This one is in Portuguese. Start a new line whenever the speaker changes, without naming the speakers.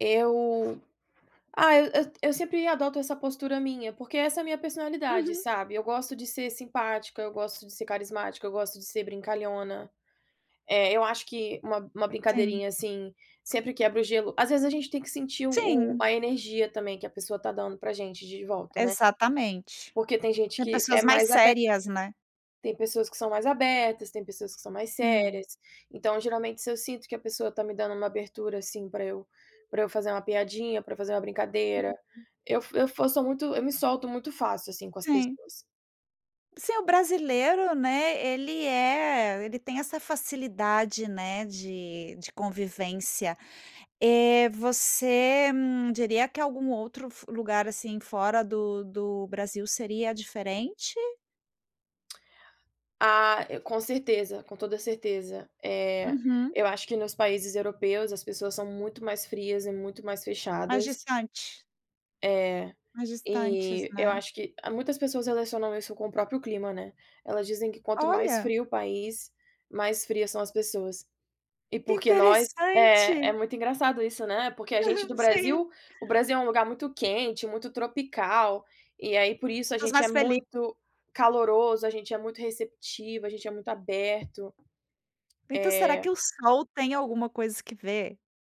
Eu ah, eu eu sempre adoto essa postura minha, porque essa é minha personalidade,
Uhum.
sabe. Eu gosto de ser simpática, eu gosto de ser carismática, eu gosto de ser brincalhona. Eh, eu acho que uma uma
Sim.
brincadeirinha, assim, sempre quebra o gelo, às vezes a gente tem que sentir o o
Sim.
a energia também que a pessoa está dando para gente de volta, né.
Exatamente.
Porque tem gente
Tem
que é
pessoas mais
mais abe
sérias, né.
tem pessoas que são mais abertas, tem pessoas que são mais
Hum.
sérias. Então, geralmente, se eu sinto que a pessoa tá me dando uma abertura, assim, para eu para eu fazer uma piadinha, para eu fazer uma brincadeira.
Uhum.
Eu eu fo fosso muito eu me solto muito fácil, assim, com as
Sim.
pessoas.
Se o brasileiro, né, ele é ele tem essa facilidade, né, de de convivência. Eh, você, hum, diria que algum outro f lugar, assim, fora do do Brasil seria diferente?
Ah, com certeza, com toda a certeza. Eh,
Uhum.
eu acho que, nos países europeus, as pessoas são muito mais frias e muito mais
Mais
fechadas.
distante.
É.
Mais distantes,
E eu
né.
acho que muitas pessoas relacionam isso com o próprio clima, né, elas dizem que quanto mais
Olha.
frio o país, mais frias são as pessoas. E
Que
porque nós É,
interessante.
é muito engraçado isso, né. Porque a gente do
Sim.
Brasil o Brasil é um lugar muito quente, muito tropical, e aí, por isso, a
Pessoas
gente é
mais feli
muito caloroso, a gente é muito receptivo, a gente é muito aberto.
Então, será
Eh
que o sol tem alguma coisa que vê?